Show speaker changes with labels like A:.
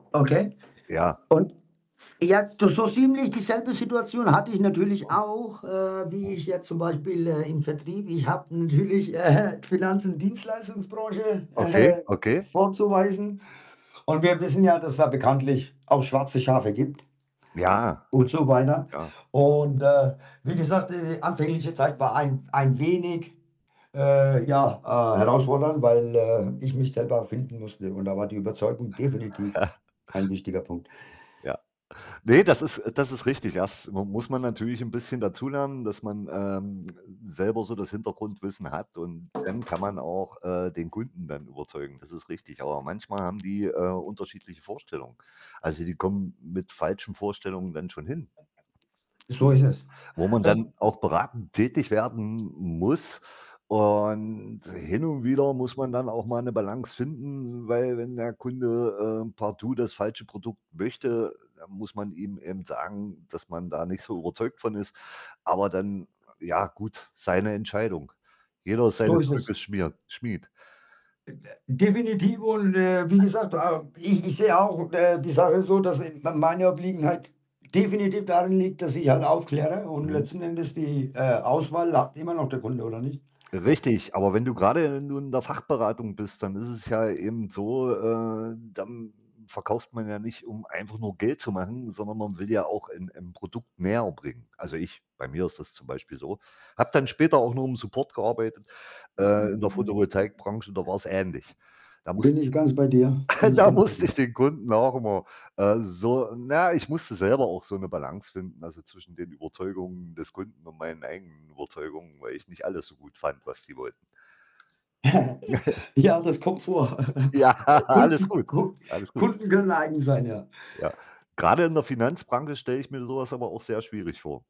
A: Okay.
B: Ja.
A: Und? Ja, du so ziemlich dieselbe Situation hatte ich natürlich
B: Mhm.
A: auch, äh,
B: Mhm.
A: wie ich jetzt zum Beispiel, äh, im Vertrieb ich habe natürlich, äh, hä, Finanz und Dienstleistungsbranche, äh,
B: Okay.
A: hä,
B: Okay.
A: vorzuweisen. Und wir wissen ja, dass es da bekanntlich auch schwarze Schafe gibt.
B: Ja,
A: Und so weiter.
B: ja.
A: Und, äh, wie gesagt, äh, anfängliche Zeit war ein w ein wenig, äh, ja, ah, herausfordernd, weil, äh, ich mich selber finden musste. Und da war die Überzeugung definitiv ein wichtiger Punkt.
B: Ja. Ne, das ist das ist richtig. Das m muss man natürlich 'n bisschen dazulernen, dass man, ähm, selber so das Hintergrundwissen hat, und dann kann man auch, äh, den Kunden dann überzeugen. Das ist richtig. Aber manchmal haben die, äh, unterschiedliche Vorstellungen. Also, die kommen mit falschen Vorstellungen dann schon hin
A: So ist es.
B: wo man
A: Als
B: dann auch beratend tätig werden m muss. Und hin und wieder muss man dann auch mal 'ne Balance finden, weil wenn der Kunde, äh, partout das falsche Produkt möchte, dann muss man ihm eben sagen, dass man da nicht so überzeugt von ist. Aber dann, ja gut, seine Entscheidung. Jeder
A: So
B: seines
A: ist
B: Glückes
A: es.
B: Schmird Schmied.
A: M äh, definitiv. Und, äh, wie gesagt, ähm, ich ich sehe auch, äh, die Sache so, dass, äh, m meine Obliegenheit definitiv daran liegt, dass ich halt aufkläre, und
B: Mhm.
A: letzten Endes die, äh, Auswahl, hat immer noch der Kunde, oder nicht?
B: Richtig. Aber wenn du grade nun in der Fachberatung bist, dann ist es ja eben so, äh, dann verkauft man ja nicht, um einfach nur Geld zu machen, sondern man will ja auch in im Produkt näher bringen. Also, ich bei mir ist das zum Beispiel so. Habe dann später auch nur im Support gearbeitet. Äh, in der Fotovoltaikbranche, da war's ähnlich. Da muss
A: Bin ich ganz bei dir. Bin ich
B: da
A: ganz bei
B: musste
A: dir.
B: ich den Kunden auch immer, äh, so na ja, ich musste selber auch so 'ne Balance finden, also, zwischen den Überzeugungen des Kunden und meinen eigenen Überzeugungen, weil ich nicht alles so gut fand, was die wollten. Ja.
A: Ja, das kommt vor.
B: Ja, alles
A: Kunden
B: gut.
A: Kund
B: Alles gut.
A: Kunden können eigen sein, ja.
B: Ja. Grade in der Finanzbranche stelle ich mir so was aber auch sehr schwierig vor.